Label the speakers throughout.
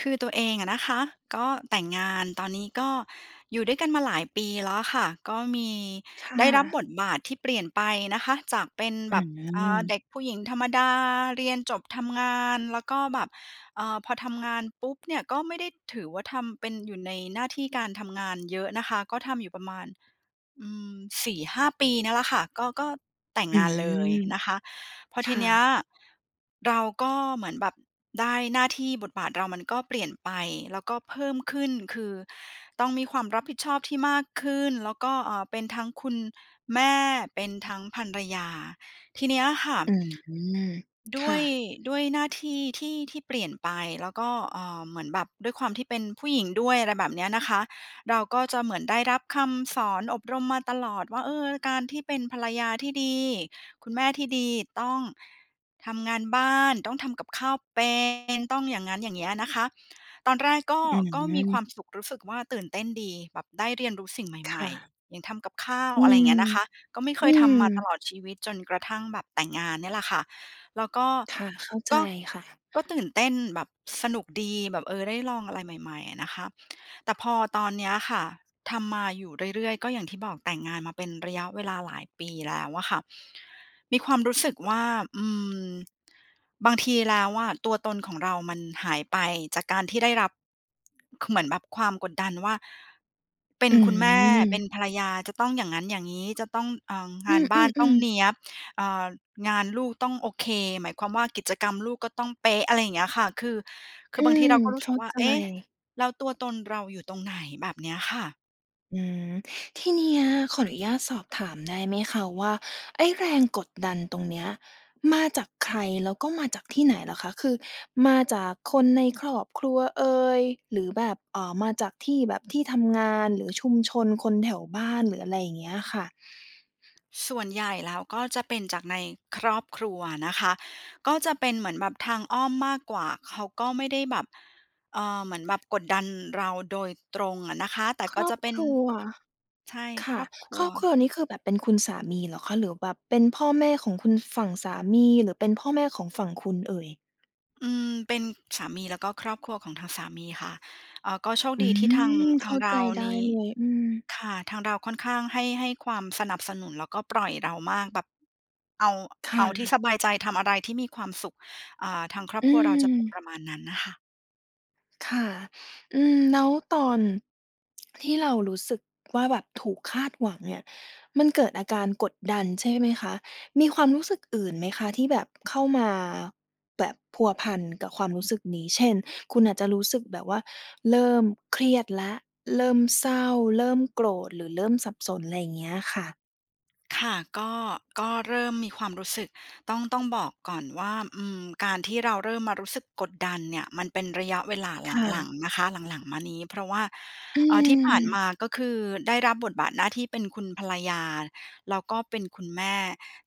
Speaker 1: คือตัวเองอะนะคะก็แต่งงาน ตอนนี้ก็อยู่ด้วยกันมาหลายปีแล้วค่ะ ก็มี
Speaker 2: ค่
Speaker 1: ได้รับ
Speaker 2: ะ
Speaker 1: บทบาทที่เปลี่ยนไปนะคะ จากเป็น
Speaker 2: อ
Speaker 1: แ
Speaker 2: ื
Speaker 1: บบ อ่า เ
Speaker 2: ม
Speaker 1: ด็กผู้หญิงธรรมดา เรียนจบทำงาน แล้วก็แบบ อ่า พอทำงานปุ๊บเนี่ยก็ไม่ได้ถือว่า ทำเป็น อยู่ในหน้าที่การทำงานเยอะนะคะ ก็ทำอยู่ประมาณ อืม 4-5 ปี ปี เนี่ยแหละค่ะ ก็ ก็แต่ง
Speaker 2: อื
Speaker 1: งานเลย
Speaker 2: ม
Speaker 1: นะคะ พอ
Speaker 2: ค
Speaker 1: ที
Speaker 2: ่
Speaker 1: เนี้ย
Speaker 2: ะ
Speaker 1: เราก็เหมือนแบบได้หน้าที่ บทบาทเรามันก็เปลี่ยนไป แล้วก็เพิ่มขึ้น คือต้องมีความรับผิดชอบที่มากขึ้น แล้วก็ เอ่อ เป็นทั้งคุณ แม่ เป็นทั้งภรรยา ทีเนี้ยค่ะ
Speaker 2: อืม
Speaker 1: ด
Speaker 2: ค
Speaker 1: ้
Speaker 2: ่
Speaker 1: วย
Speaker 2: ะ
Speaker 1: ด้วยหน้าที่ ที่ ที่เปลี่ยนไป แล้วก็ เอ่อ เหมือนแบบด้วยความที่เป็นผู้หญิงด้วย อะไรแบบเนี้ยนะคะ เราก็จะเหมือนได้รับคำสอนอบรมมาตลอดว่า เออ การที่เป็นภรรยาที่ดี คุณแม่ที่ดี ต้องทำงานบ้าน ต้องทำกับข้าวเป็น ต้องอย่างงั้นอย่างเงี้ยนะคะ ตอนแรกก็
Speaker 2: อื
Speaker 1: ก็มี
Speaker 2: ม
Speaker 1: ความสุข รู้สึกว่า ตื่นเต้นดีแบบได้เรียนรู้สิ่งใ
Speaker 2: ค
Speaker 1: หม่
Speaker 2: ่ะ
Speaker 1: ๆ อย่างทำกับข้าว
Speaker 2: อื
Speaker 1: อะไรอย่า
Speaker 2: ม
Speaker 1: งเงี้ยนะคะ ก็ไม่เค
Speaker 2: อื
Speaker 1: ยทำมาต
Speaker 2: ม
Speaker 1: ลอดชีวิต จนกระทั่งแบบแต่งงานเนี่ยแหละค่ะ แล้วก็
Speaker 2: ค่ะ เข้าใจ
Speaker 1: ก็
Speaker 2: ค่ะ
Speaker 1: ก็ตื่นเต้นแบบสนุกดีแบบ เออ ได้ลองอะไรใหม่ ๆ อะนะคะ แต่พอตอนเนี้ยค่ะ ทำมาอยู่เรื่อย ๆ ก็อย่างที่บอกแต่งงานมาเป็น ระยะเวลาหลายปีแล้วอะค่ะ มีความรู้สึกว่า อืม บางทีแล้วอะตัวตนของเรามันหายไป จากการที่ได้รับ เหมือนแบบความกดดันว่า เป็
Speaker 2: อ
Speaker 1: นคุณแม่ เป็น
Speaker 2: ืม
Speaker 1: ภรรยา จะต้องอย่างงั้นอย่างงี้ จะต้อง เอ่อ ง
Speaker 2: อ
Speaker 1: านบ้านต้
Speaker 2: ื
Speaker 1: อง
Speaker 2: ม ๆ ๆ
Speaker 1: เนี้ยบ เอ่อ งานลูกต้องโอเค หมายความว่า กิจกรรมลูกก็ต้องเป๊ะ อะไรอย่างเงี้ยค่ะ คือ ค
Speaker 2: อ
Speaker 1: ื
Speaker 2: ื
Speaker 1: อบางที
Speaker 2: ม
Speaker 1: เราก็รู
Speaker 2: เ
Speaker 1: ้
Speaker 2: ข
Speaker 1: สึ
Speaker 2: ้า
Speaker 1: กว่า
Speaker 2: ใ
Speaker 1: เอ๊ะ
Speaker 2: จ
Speaker 1: แล้วตัวตนเราอยู่ตรงไหน? แบบเนี้ยค่ะ
Speaker 2: อืม ที่เนี้ยขออนุญาตสอบถามได้ไหมคะว่า ไอ้แรงกดดันตรงเนี้ยมาจากใคร? แล้วก็มาจากที่ไหนเหรอคะ? คือ มาจากคนในครอบครัวเอย หรือแบบ อ่า มาจากที่ แบบที่ทำงาน หรือชุมชนคนแถวบ้าน หรืออะไรอย่างเงี้ยค่ะ
Speaker 1: ส่วนใหญ่แล้วก็จะเป็นจากในครอบครัวนะคะ ก็จะเป็นเหมือนแบบทางอ้อมมากกว่า เขาก็ไม่ได้แบบ เอ่อ เหมือนแบบกดดันเราโดยตรงอะนะคะ แต่
Speaker 2: ค
Speaker 1: ก็
Speaker 2: รอ
Speaker 1: จ
Speaker 2: บ
Speaker 1: ะเป็
Speaker 2: ค
Speaker 1: น
Speaker 2: รัว
Speaker 1: ใช่
Speaker 2: ค
Speaker 1: ค
Speaker 2: ่ะ
Speaker 1: รอบคร
Speaker 2: ค
Speaker 1: ั
Speaker 2: ร
Speaker 1: ว
Speaker 2: อบครัวนี้คือแบบเป็นคุณสามีเหรอคะ? หรือแบบเป็นพ่อแม่ของคุณฝั่งสามี หรือเป็นพ่อแม่ของฝั่งคุณเอ่ย?
Speaker 1: อืม เป็นสามี แล้วก็ครอบครัวของทางสามีค่ะ เอ่อ ก็โชค
Speaker 2: อื
Speaker 1: ดีที่ทาง
Speaker 2: ม
Speaker 1: ท
Speaker 2: เข
Speaker 1: า
Speaker 2: ้
Speaker 1: ง
Speaker 2: า
Speaker 1: เร
Speaker 2: ใจ
Speaker 1: า
Speaker 2: ได้
Speaker 1: นี้
Speaker 2: เลย อืม
Speaker 1: ค่ะ ทางเราค่อนข้างให้ ให้ความสนับสนุน แล้วก็ปล่อยเรามาก แบบเอา
Speaker 2: ค
Speaker 1: เ
Speaker 2: ่
Speaker 1: อาที่
Speaker 2: ะ
Speaker 1: สบายใจ ทำอะไรที่มีความสุข อ่า ทางครอบ
Speaker 2: อื
Speaker 1: ครัวเราจะเป็น
Speaker 2: ม
Speaker 1: ประมาณนั้นน่ะค่ะ
Speaker 2: ค่ะ อืม แล้วตอน ที่เรารู้สึกว่า แบบถูกคาดหวังเนี่ย มันเกิดอาการกดดันใช่ไหมคะ? มีความรู้สึกอื่นไหมคะ? ที่แบบเข้ามา แบบพัวพันกับความรู้สึกนี้ เช่น คุณอาจจะรู้สึกแบบว่าเริ่มเครียดแล้ว เริ่มเศร้า เริ่มโกรธ หรือเริ่มสับสน อะไรอย่างเงี้ยค่ะ
Speaker 1: ค่ะ ก็ ก็เริ่มมีความรู้สึกต้อง ต้องบอกก่อนว่า อืม การที่เราเริ่มมารู้สึกกดดันเนี่ย มันเป็นระยะเวลาห
Speaker 2: ค่
Speaker 1: ลั
Speaker 2: ะ
Speaker 1: ง ๆ นะคะ หลัง ๆ มานี้ เพราะว่า
Speaker 2: อื
Speaker 1: อ่า ที่ผ่าน
Speaker 2: อ
Speaker 1: มา ก็คือได้รับบทบาทหน้าที่เป็นคุณภรรยา แล้วก็เป็นคุณแม่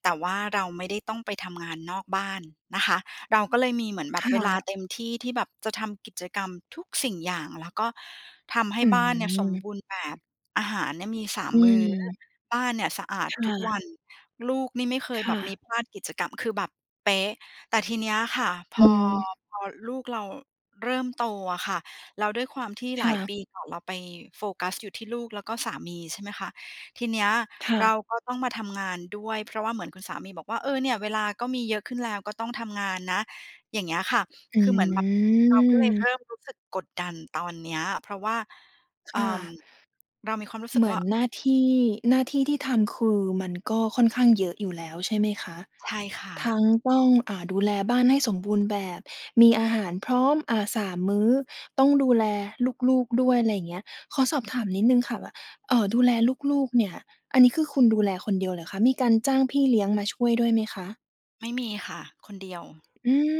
Speaker 1: แต่ว่าเราไม่ได้ต้องไปทำงานนอกบ้านนะคะ เราก็เลยมีเหมือนแบ
Speaker 2: ค
Speaker 1: บ
Speaker 2: ่
Speaker 1: เวลา
Speaker 2: ะ
Speaker 1: เต็มที่ ที่แบบจะทำกิจกรรมทุกสิ่งอย่าง แล้วก็ทำให้
Speaker 2: อื
Speaker 1: บ้านเนี่ยสมบ
Speaker 2: ม
Speaker 1: ูรณ์แบบ อาหารเนี่ยมี สา
Speaker 2: อ
Speaker 1: ม
Speaker 2: ื
Speaker 1: มื้
Speaker 2: ม
Speaker 1: อ บ้านเนี่ยสะอาด
Speaker 2: ค่
Speaker 1: ทุกว
Speaker 2: ะ
Speaker 1: ัน ลูกนี่ไม่เค
Speaker 2: ค
Speaker 1: ยแบ
Speaker 2: ่
Speaker 1: บมี
Speaker 2: ะ
Speaker 1: พลาดกิจกรรม คือแบบเป๊ะ แต่ทีเนี้ยค่ะ พ
Speaker 2: อื
Speaker 1: อ
Speaker 2: ม
Speaker 1: พอลูกเราเริ่มโตอะค่ะ แล้วด้วยความที่
Speaker 2: ค
Speaker 1: หล
Speaker 2: ่
Speaker 1: าย
Speaker 2: ะ
Speaker 1: ปีก่อน เราไปโฟกัสอยู่ที่ลูก แล้วก็สามี ใช่ไหมคะ ทีเนี้ย
Speaker 2: ค่
Speaker 1: เ
Speaker 2: ะ
Speaker 1: ราก็ต้องมาทำงานด้วย เพราะว่าเหมือนคุณสามีบอกว่า "เออ เนี่ยเวลาก็มีเยอะขึ้นแล้ว ก็ต้องทำงานนะ" อย่างเงี้ยค่ะ
Speaker 2: อ
Speaker 1: คือเหมือนแบบเราก็เลยเริ่
Speaker 2: ืม
Speaker 1: มรู้สึกกดดันตอนเนี้ย เพราะว่า
Speaker 2: ค
Speaker 1: อ่
Speaker 2: ่
Speaker 1: า
Speaker 2: ะ
Speaker 1: เรามีความรู้สึ
Speaker 2: เ
Speaker 1: ก
Speaker 2: หมื
Speaker 1: ว่
Speaker 2: อ
Speaker 1: า
Speaker 2: นหน้าที่ หน้าที่ที่ทำคือมันก็ค่อนข้างเยอะอยู่แล้ว ใช่ไหมคะ
Speaker 1: ใช่ค่
Speaker 2: ท
Speaker 1: ะ
Speaker 2: ั้งต้อง อ่า ดูแลบ้านให้สมบูรณ์แบบ มีอาหารพร้อม อะ 3 มื้อ ต้องดูแลลูก ๆ ด้วย อะไรอย่างเงี้ย ขอสอบถามนิดหนึ่งค่ะว่า เอ่อ ดูแลลูก ๆ เนี่ย อันนี้คือคุณดูแลคนเดียวเหรอคะ? มีการจ้างพี่เลี้ยงมาช่วยด้วยไหมคะ?
Speaker 1: ไม่มีค่ะ คนเดียว
Speaker 2: อืม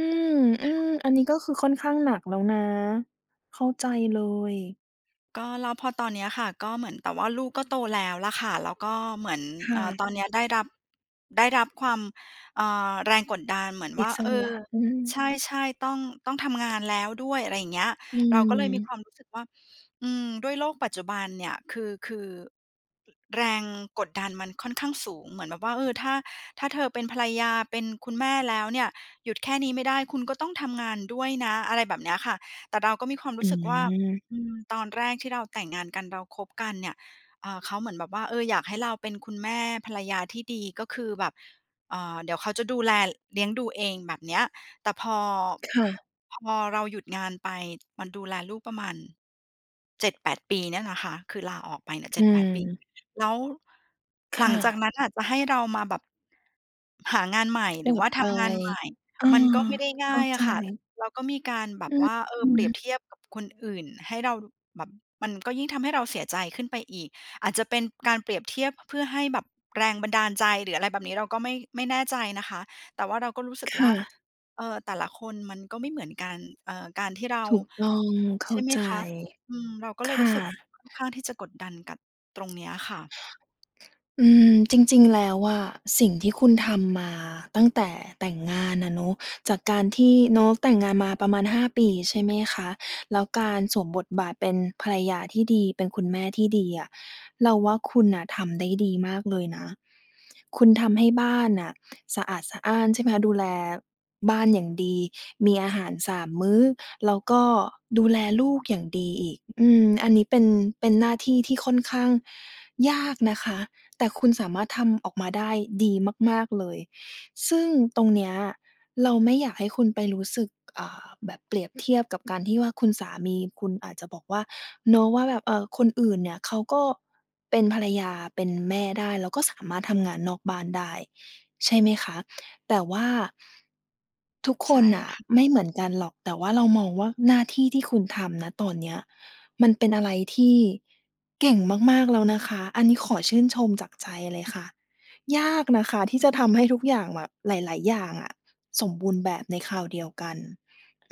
Speaker 2: อ
Speaker 1: ค
Speaker 2: ื
Speaker 1: ่
Speaker 2: ม
Speaker 1: ะ
Speaker 2: อันนี้ก็คือค่อนข้างหนักแล้วนะ เข้าใจเลย
Speaker 1: ก็แล้วพอตอนเนี้ยค่ะ ก็เหมือน แต่ว่าลูกก็โตแล้วล่ะค่ะ แล้วก็เหมือน
Speaker 2: ค
Speaker 1: เ
Speaker 2: ่
Speaker 1: อ่อ
Speaker 2: ะ
Speaker 1: ตอนเนี้ยได้รับ ได้รับความ เอ่อ แรงกดดันเหมือนว
Speaker 2: อิ
Speaker 1: ่า
Speaker 2: ส
Speaker 1: เอ
Speaker 2: ร
Speaker 1: อ
Speaker 2: ะ อื
Speaker 1: ใ
Speaker 2: ม
Speaker 1: ช่ ๆ ต้อง ต้องทำงานแล้วด้วย อะไรอย่างเงี้ย
Speaker 2: อื
Speaker 1: เราก็เลยมีค
Speaker 2: ม
Speaker 1: วามรู้สึกว่า อืม ด้วยโลกปัจจุบันเนี่ย คือ คือ ร แรงกดดันมันค่อนข้างสูง เหมือนแบบว่า เออ ถ้า ถ้าเธอเป็นภรรยา เป็นคุณแม่แล้วเนี่ย หยุดแค่นี้ไม่ได้ คุณก็ต้องทำงานด้วยนะ อะไรแบบเนี้ยค่ะ แต่เราก็มีความร
Speaker 2: อ
Speaker 1: ู้สึกว่า
Speaker 2: ืม
Speaker 1: อืม ตอนแรกที่เราแต่งงานกัน เราคบกันเนี่ย เอ่อ เขาเหมือนแบบว่า เออ อยากให้เราเป็นคุณแม่ ภรรยาที่ดี ก็คือแบบ เอ่อ เดี๋ยวเขาจะดูแล เลี้ยงดูเองแบบเนี้ย แต่พอ
Speaker 2: ค่ะ
Speaker 1: พอเราหยุดงานไป มันดูแลลูกประมาณ 7-8 ปีเนี่ยแหละค่ะ คือลาออกไปเนี่ย เจ
Speaker 2: อ
Speaker 1: ็
Speaker 2: ื
Speaker 1: ดแปด ปี
Speaker 2: ม
Speaker 1: แล้ว
Speaker 2: ค
Speaker 1: หลั
Speaker 2: ่
Speaker 1: งจากน
Speaker 2: ะ
Speaker 1: ั้นน่ะจะให้เรามาแบบ หางานใหม่
Speaker 2: ก
Speaker 1: ห
Speaker 2: ล
Speaker 1: รือ
Speaker 2: ั
Speaker 1: ว่
Speaker 2: บ
Speaker 1: าท
Speaker 2: ไป
Speaker 1: ำงานใหม่
Speaker 2: เออ
Speaker 1: มันก็ไม่ได้ง
Speaker 2: เข
Speaker 1: ่
Speaker 2: ้
Speaker 1: า
Speaker 2: า
Speaker 1: ยอ
Speaker 2: ใจ
Speaker 1: ะค่ะ แล้วก็มีการแบบ
Speaker 2: อ
Speaker 1: ว่า เออ
Speaker 2: ื
Speaker 1: เปรี
Speaker 2: อ
Speaker 1: ยบ
Speaker 2: ๆ
Speaker 1: เทียบกับคนอื่นให้เราดูแบบ มันก็ยิ่งทำให้เราเสียใจขึ้นไปอีก อาจจะเป็นการเปรียบเทียบเพื่อให้แบบแรงบันดาลใจ หรืออะไรแบบนี้ เราก็ไม่ ไม่แน่ใจนะคะ แต่ว่าเราก็รู้สึก
Speaker 2: ค
Speaker 1: ว
Speaker 2: ่
Speaker 1: ่า
Speaker 2: ะ
Speaker 1: เออ แต่ละคนมันก็ไม่เหมือนกัน เออ การที่เรา
Speaker 2: ถูกต้อง เข
Speaker 1: ใช
Speaker 2: ้า
Speaker 1: ่ไหม
Speaker 2: ใจ
Speaker 1: คะ อืม เราก็เ
Speaker 2: ค
Speaker 1: ลยรู
Speaker 2: ่
Speaker 1: ้สึก
Speaker 2: ะ
Speaker 1: ค่อนข้างที่จะกดดันกับตรงเนี้ยค่ะ
Speaker 2: อืม จริง ๆ แล้วอะ สิ่งที่คุณทำมาตั้งแต่แต่งงานอะเนาะ จากการที่เนาะแต่งงานมาประมาณ 5 ปี ใช่ไหมคะ แล้วการสวมบทบาทเป็นภรรยาที่ดี เป็นคุณแม่ที่ดีอะ เราว่าคุณน่ะทำได้ดีมากเลยนะ คุณทำให้บ้านน่ะสะอาดสะอ้าน ใช่ไหมคะ ดูแลบ้านอย่างดี มีอาหาร 3 มื้อ แล้วก็ดูแลลูกอย่างดีอีก อืม อันนี้เป็น เป็นหน้าที่ที่ค่อนข้างยากนะคะ แต่คุณสามารถทำออกมาได้ดีมาก ๆ เลย ซึ่งตรงเนี้ยเราไม่อยากให้คุณไปรู้สึก อ่า แบบเปรียบเทียบกับการที่ว่า คุณสามีคุณอาจจะบอกว่า เนาะ ว่าแบบคนอื่นเนี่ยเขาก็เป็นภรรยา เป็นแม่ได้ แล้วก็สามารถทำงานนอกบ้านได้ ใช่ไหมคะ? แต่ว่า ทุก
Speaker 1: ใ
Speaker 2: ค
Speaker 1: ช่
Speaker 2: นน่ะ
Speaker 1: ค่ะ
Speaker 2: ไม่เหมือนกันหรอก แต่เรามองว่าหน้าที่ที่คุณทำ ณ ตอนเนี้ยมันเป็นอะไรที่เก่งมาก ๆ แล้วนะคะ อันนี้ขอชื่นชมจากใจเลยค่ะ ยากนะคะที่จะทำให้ทุกอย่างแบบหลาย ๆ อย่างอะสมบูรณ์แบบในคราวเดียวกัน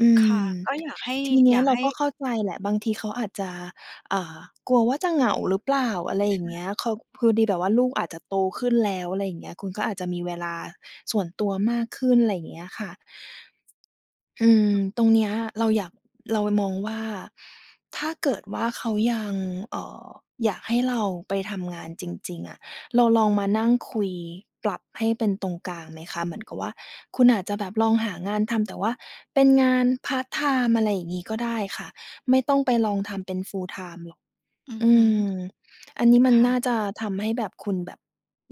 Speaker 2: อื
Speaker 1: ค่ะ
Speaker 2: ม
Speaker 1: ก็อยากให้
Speaker 2: ทีเนี
Speaker 1: อย
Speaker 2: ้ย
Speaker 1: าก
Speaker 2: เร
Speaker 1: ใ
Speaker 2: า
Speaker 1: ห้
Speaker 2: ก็เข้าใจแหละ บางทีเขาอาจจะ อ่า กลัวว่าจะเหงาหรือเปล่า? อะไร
Speaker 1: ใ
Speaker 2: อ
Speaker 1: ช
Speaker 2: ย่างเงี้
Speaker 1: ่
Speaker 2: ย เขา พอดีแบบว่าลูกอาจจะโตขึ้นแล้ว อะไรอย่างเงี้ย คุณก็อาจจะมีเวลาส่วนตัวมากขึ้น อะไรอย่างเงี้ยค่ะ อืม ตรงเนี้ยเราอยาก เรามองว่า ถ้าเกิดว่าเขายัง เอ่อ อยากให้เราไปทำงานจริง ๆ อะ เราลองมานั่งคุยปรับให้เป็นตรงกลางไหมคะ? เหมือนกับว่า คุณอาจจะแบบลองหางานทำ แต่ว่าเป็นงานพาร์ตไทม์ อะไรอย่างงี้ก็ได้ค่ะ ไม่ต้องไปลองทำเป็น full-time หรอก
Speaker 1: อือ
Speaker 2: อื
Speaker 1: ฮึ
Speaker 2: ม อันนี้ม
Speaker 1: ค
Speaker 2: ัน
Speaker 1: ่
Speaker 2: น่
Speaker 1: ะ
Speaker 2: าจะทำให้แบบ คุณแบบ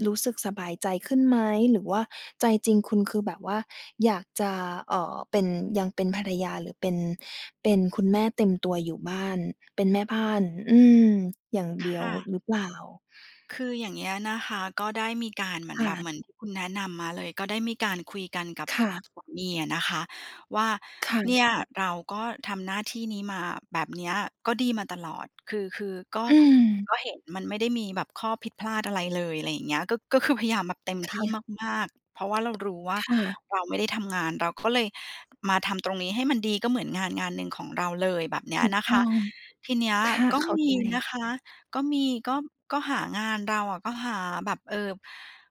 Speaker 2: รู้สึกสบายใจขึ้นไหม? หรือว่าใจจริงคุณคือแบบว่าอยากจะ เอ่อ เป็น ยังเป็นภรรยาหรือเป็น เป็นคุณแม่เต็มตัวอยู่บ้าน เป็นแม่บ้าน อืม อย่าง
Speaker 1: ค
Speaker 2: เดียว
Speaker 1: ่ะ
Speaker 2: หรือเปล่า?
Speaker 1: คืออย่างเงี้ยนะคะ ก็ได้มีการเหมื
Speaker 2: ค
Speaker 1: อน
Speaker 2: ่
Speaker 1: แบบ เ
Speaker 2: ะ
Speaker 1: หมือนที่คุณแนะนำมาเลย ก็ได้มีการคุยกันกับ
Speaker 2: ค่ะ
Speaker 1: สามีอะนะคะว่า
Speaker 2: ค่
Speaker 1: เน
Speaker 2: ะ
Speaker 1: ี่ย เราก็ทำหน้าที่นี้มาแบบเนี้ยก็ดีมาตลอด คือ คือก็
Speaker 2: อืม
Speaker 1: ก็เห็นมันไม่ได้มีแบบข้อผิดพลาดอะไรเลย อะไรอย่างเงี้ย ก็ ก็คือพยายามแบบเต็ม
Speaker 2: ค
Speaker 1: ที่
Speaker 2: ่ะ
Speaker 1: มาก ๆ เพราะว่าเรารู้ว่า
Speaker 2: ค่ะ
Speaker 1: เราไม่ได้ทำงาน เราก็เลยมาทำตรงนี้ให้มันดี ก็เหมือนงานงานหนึ่งของเราเลย แบบเนี้
Speaker 2: ถ
Speaker 1: ย
Speaker 2: ูก
Speaker 1: นะค
Speaker 2: ต้
Speaker 1: ะ
Speaker 2: อง
Speaker 1: ทีเนี้ย
Speaker 2: ค่ะ
Speaker 1: ก็
Speaker 2: เข้า
Speaker 1: ม
Speaker 2: ใ
Speaker 1: ี
Speaker 2: จ
Speaker 1: นะคะ ก็มี ก็ ก็หางาน เราอะก็หาแบบ เอ่อ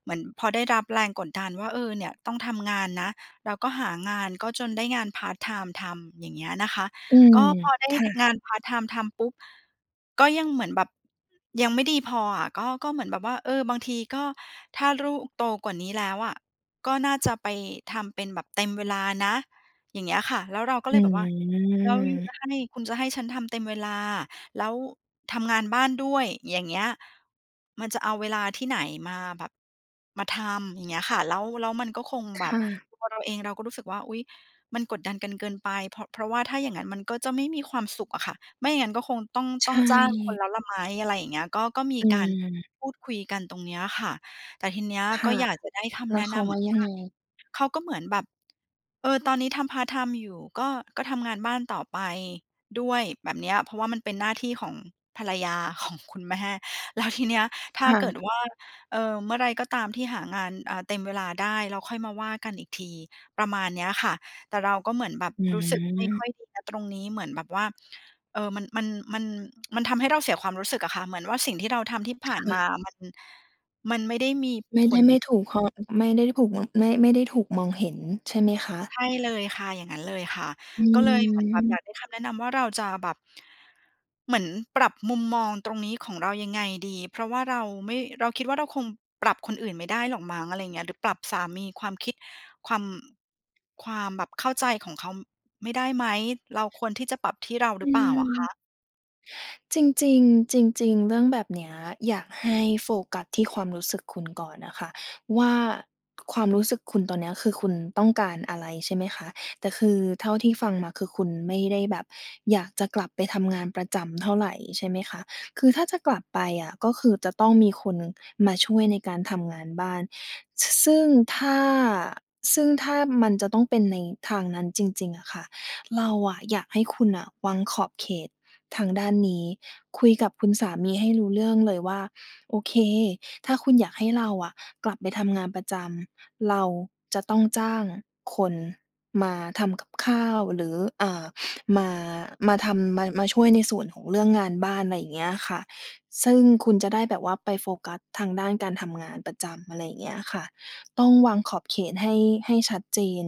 Speaker 1: เหมือนพอได้รับแรงกดดันว่า เออ เนี่ยต้องทำงานนะ เราก็หางาน ก็จนได้งานพาร์ตไทม์ทำ อย่างเงี้ยนะคะ
Speaker 2: อื
Speaker 1: ก
Speaker 2: ม
Speaker 1: ็พอได้
Speaker 2: ค่
Speaker 1: ท
Speaker 2: ะ
Speaker 1: งานพาร์ตไทม์ทำปุ๊บ ก็ยังเหมือนแบบยังไม่ดีพออะ ก็ ก็เหมือนแบบว่า เออ บางทีก็ถ้าลูกโตกว่านี้แล้วอะ ก็น่า จะไปทำเป็นแบบเต็มเวลานะ อย่างเงี้ยค่ะ แล้วเราก็
Speaker 2: อ
Speaker 1: เลย
Speaker 2: ื
Speaker 1: แบบว่า "แล้วยูจ
Speaker 2: ม
Speaker 1: ะให้ คุณจะให้ฉันทำเต็มเวลา แล้วทำงานบ้านด้วย อย่างเงี้ย มันจะเอาเวลาที่ไหนมาแบบ มาทำ" อย่างเงี้ยค่ะ แล้ว แล้วมันก็คง
Speaker 2: ค
Speaker 1: แบบ
Speaker 2: ่ะ
Speaker 1: ตัวเราเองเราก็รู้สึกว่า อุ๊ย! มันกดดันกันเกินไป เพราะ เพราะว่าถ้าอย่างงั้นมันก็จะไม่มีความสุขอะค่ะ ไม่อย่างงั้นก็คงต้อง
Speaker 2: ใ
Speaker 1: ต้องจ้างคน
Speaker 2: ช่
Speaker 1: แล้วล่ะไหม อะไรอย่างเงี้ย ก็ ก็มี
Speaker 2: อ
Speaker 1: การ
Speaker 2: ืม
Speaker 1: พูดคุยกันตรงเนี้ยค่ะ แต่ทีเนี้ย
Speaker 2: ค
Speaker 1: ก็
Speaker 2: ่ะ
Speaker 1: อยากจะได้ค
Speaker 2: แล
Speaker 1: ำแ
Speaker 2: ้
Speaker 1: น
Speaker 2: ว
Speaker 1: ะ
Speaker 2: เข
Speaker 1: น
Speaker 2: า
Speaker 1: ำเ
Speaker 2: ว
Speaker 1: หม
Speaker 2: ่า
Speaker 1: ือน
Speaker 2: ยั
Speaker 1: ว
Speaker 2: ง
Speaker 1: ่า
Speaker 2: ไง?
Speaker 1: เขาก็เหมือนแบบ เออ ตอนเนี้ยทำพาร์ตไทม์อยู่ ก็ ก็ทำงานบ้านต่อไปด้วยแบบเนี้ย เพราะว่ามันเป็นหน้าที่ของภรรยา ของคุณแม่ แล้วทีเนี้ย ถ
Speaker 2: ค
Speaker 1: ้า
Speaker 2: ่
Speaker 1: เกิด
Speaker 2: ะ
Speaker 1: ว่า เอ่อ เมื่อไรก็ตามที่หางาน อ่า เต็มเวลาได้ แล้วค่อยมาว่ากันอีกที ประมาณเนี้ยค่ะ แต่เราก็เหมือนแบบ
Speaker 2: อื
Speaker 1: รู้สึกไม่ค่
Speaker 2: ม
Speaker 1: อยดีนะตรงนี้ เหมือนแบบว่า เออ มัน มัน มัน มันทำให้เราเสียความรู้สึกอะค่ะ เหมือนว่าสิ่งที่เราทำที่ผ
Speaker 2: ค
Speaker 1: ่
Speaker 2: ่
Speaker 1: านมา
Speaker 2: ะ
Speaker 1: มัน มันไม่ได้มี
Speaker 2: ไม่
Speaker 1: ผ
Speaker 2: ได้
Speaker 1: ล
Speaker 2: ไม่ถูก พอ ไม่ได้ถูก ม ไม่ ไม่ได้ถูกมองเห็นใช่ไหมคะ?
Speaker 1: ใช่เลยค่ะ อย่างงั้นเลยค่ะ
Speaker 2: อ
Speaker 1: ก็เลยเหมือนแบบอย
Speaker 2: ืม
Speaker 1: ากได้คำแนะนำว่าเราจะแบบ เหมือนปรับมุมมองตรงนี้ของเรายังไงดี? เพราะว่าเราไม่ เราคิดว่า เราคงปรับคนอื่นไม่ได้หรอกมั้ง อะไรอย่างเงี้ย หรือปรับสามี ความคิด ความ ความแบบเข้าใจของเขาไม่ได้ไหม? เราควรที่จะปรับที่เราหร
Speaker 2: อ
Speaker 1: ือ
Speaker 2: ื
Speaker 1: เปล่าอ
Speaker 2: ม
Speaker 1: ะคะ?
Speaker 2: จริง ๆ จริง ๆ เรื่องแบบเนี้ยอยากให้โฟกัสที่ความรู้สึกคุณก่อนอะค่ะว่า ความรู้สึกคุณตอนเนี้ย คือคุณต้องการอะไร ใช่ไหมคะ แต่คือเท่าที่ฟังมา คือคุณไม่ได้แบบอยากจะกลับไปทำงานประจำเท่าไร ใช่ไหมคะ คือถ้าจะกลับไปอะ ก็คือจะต้องมีคนมาช่วยในการทำงานบ้าน ซึ่งถ้า ซึ่งถ้ามันจะต้องเป็นในทางนั้นจริง ๆ อะค่ะ เราอะอยากให้คุณน่ะวางขอบเขตทางด้านนี้ คุยกับคุณสามีให้รู้เรื่องเลยว่า โอเค ถ้าคุณอยากให้เราอะกลับไปทำงานประจำ เราจะต้องจ้างคนมาทำกับข้าว หรือ เอ่อ มา มาทำ มา มาช่วยในส่วนของเรื่องงานบ้าน อะไรอย่างเงี้ยค่ะ ซึ่งคุณจะได้แบบว่าไปโฟกัสทางด้านการทำงานประจำ อะไรอย่างเงี้ยค่ะ ต้องวางขอบเขตให้ ให้ชัดเจน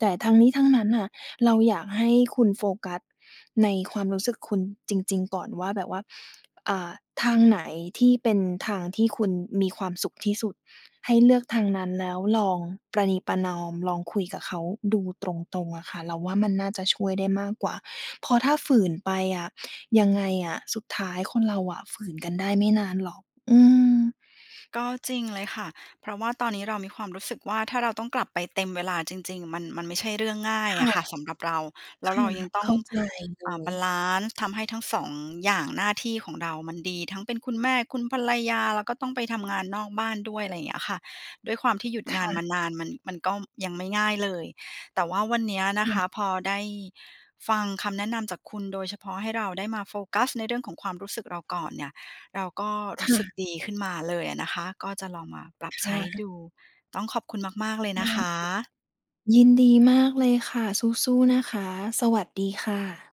Speaker 2: แต่ทั้งนี้ทั้งนั้นน่ะ เราอยากให้คุณโฟกัสในความรู้สึกคุณจริง ๆ ก่อนว่าแบบว่า อ่า ทางไหนที่เป็นทางที่คุณมีความสุขที่สุด ให้เลือกทางนั้น แล้วลองประนีประนอม ลองคุยกับเขาดูตรง ๆ อะค่ะ เราว่ามันน่าจะช่วยได้มากกว่า เพราะถ้าฝืนไปอะ ยังไงอะ สุดท้ายคนเราอะฝืนกันได้ไม่นานหรอก อืม
Speaker 1: ก็จริงเลยค่ะ เพราะว่าตอนนี้เรามีความรู้สึกว่า ถ้าเราต้องกลับไปเต็มเวลาจริง ๆ มัน มันไม่ใช่เรื่องง่า
Speaker 2: ค
Speaker 1: ยอ
Speaker 2: ่ะ
Speaker 1: ะค่ะสำหรับเรา แล
Speaker 2: ค
Speaker 1: ้วเ
Speaker 2: ่
Speaker 1: รา
Speaker 2: ะ
Speaker 1: ยังต้
Speaker 2: เข
Speaker 1: อง
Speaker 2: ้าใจเล
Speaker 1: อ่า บ
Speaker 2: ย
Speaker 1: าลันซ์ ทำให้ทั้ง 2 อย่างหน้าที่ของเรามันดี ทั้งเป็นคุณแม่ คุณภรรยา แล้วก็ต้องไปทำงานนอกบ้านด้วย อะไรอย่างเงี้ยค่ะ ด้วยความที่หยุด
Speaker 2: ค
Speaker 1: งา
Speaker 2: ่
Speaker 1: นม
Speaker 2: ะ
Speaker 1: านานมัน มันก็ยังไม่ง่ายเลย แต่ว่าวันเนี้ย
Speaker 2: ค
Speaker 1: นะ
Speaker 2: ่
Speaker 1: ค
Speaker 2: ะ
Speaker 1: ะพอได้ฟังคำแนะนำจากคุณ โดยเฉพาะให้เราได้มาโฟกัสในเรื่องของความรู้สึกเราก่อนเนี่ย เราก็ร
Speaker 2: ค
Speaker 1: ู้
Speaker 2: ่
Speaker 1: สึก
Speaker 2: ะ
Speaker 1: ดีขึ้นมาเลยอะนะคะ ก็จะลองมาปรับ
Speaker 2: ค
Speaker 1: ใช
Speaker 2: ่
Speaker 1: ้
Speaker 2: ะ
Speaker 1: ดู ต้องขอบคุณมาก ๆ เลย
Speaker 2: ไ
Speaker 1: น
Speaker 2: ด
Speaker 1: ะ
Speaker 2: ้
Speaker 1: ค
Speaker 2: ค่ะ
Speaker 1: ะ
Speaker 2: ยินดีมากเลยค่ะ สู้ ๆ นะคะ สวัสดีค่ะ